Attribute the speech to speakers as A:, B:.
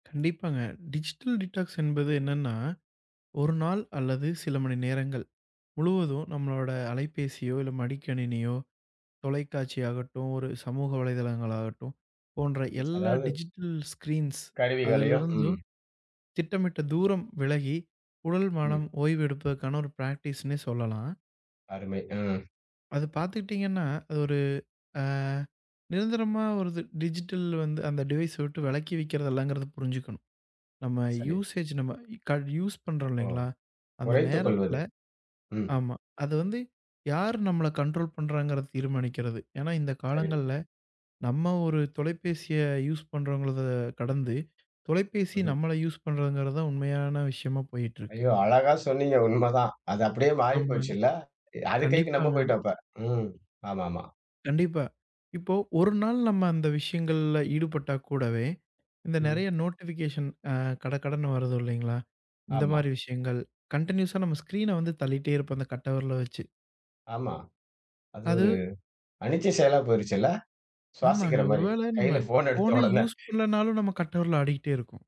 A: கண்டிப்பாங்க. Digital detox என்பது என்னன்னா, ஒரு நாள் அல்லது சில மணி நேரங்கள் முழுவதும், நம்மளோட அலைபேசியோ, இல்ல மடிக்கணினியோ, தொலைக்காட்சி ஆகட்டும், ஒரு சமூக வலைத்தளங்கள் ஆகட்டும், போன்ற
B: ம்
A: எல்லா
B: அதாவது
A: டிஜிட்டல் ஸ்கிரீன்ஸ்
B: கருவிகளையோ,
A: அதிலிருந்து
B: ம்.
A: திட்டமிட்ட தூரம் விலகி, உடல், மனம்
B: ம்.
A: ஓய்வெடுப்புக்கான ஒரு பிராக்டிஸ்ன்னே சொல்லலாம்.
B: அருமை! ம்.
A: அது பாத்துக்கிட்டீங்கன்னா, அது ஒரு, அ நிரந்தரமா, ஒரு இது, டிஜிட்டல் வந்து அந்த டிவைஸ் விட்டு விலக்கி வைக்கிறதுல்லங்கிறத புரிஞ்சுக்கணும். நம்ம
B: சரி.
A: யூஸேஜ் நம்ம க யூஸ் பண்றோம்
B: ஓ,
A: இல்லைங்களா? அந்த
B: குறைத்துக்கொள்வது.
A: நேரத்துல
B: ம்.
A: ஆமா. அது வந்து யார் நம்மள கனஂடஂரோலஂ பண்றாங்கனு தீர்மானிக்கிறது. ஏன்னா இந்தக்
B: சரி.
A: காலங்கள்ல, நம்ம ஒரு தொலைபேசிய யூஸ் பண்றோங்கறத கடந்து, தொலைபேசி
B: ம்ஹ்ம்.
A: நம்மள யூஸ் பண்றங்கிறதான் உண்மையான விஷயமா போயிட்டு இருக்கு.
B: ஐயோ! அழகா சொன்னீங்க. உண்மதான். அது அப்படியே மாறிப்
A: ஆமா.
B: போச்சு இல்ல. அது கைக்கு நம்ம
A: கண்டிப்பாங்க.
B: போயிட்டோம் இப்ப. ம். ஆமாமா.
A: கண்டிப்பா. இப்போ, ஒரு நாள் நம்ம அந்த விஷயங்கள்ல ஈடுபட்டா கூடவே, இந்த
B: ம்.
A: நிறைய நோட்டிபிகேஷன் அ கடகடன்னு வருது இல்லைங்களா? இந்த
B: ஆமா.
A: மாதிரி விஷயங்கள் கண்டினியூயஸா நம்ம ஸ்கிரீன வந்து தள்ளிட்டே இருப்போம் அந்தக் கட்டவிரல வச்சு.
B: ஆமா. அது ஒரு
A: அது
B: அனிச்சை செயலா போயிடுச்சு இல்ல.
A: ஆமாங்க.
B: சுவாசிக்கிற மாரி,
A: ஒருவேளை நம்ம
B: கையில போன்
A: போனே
B: எடுத்தவுடனே
A: யூஸ் பண்ணலனாலும், நம்ம கட்டவெரல் ஆடிக்கிட்டே இருக்கும்.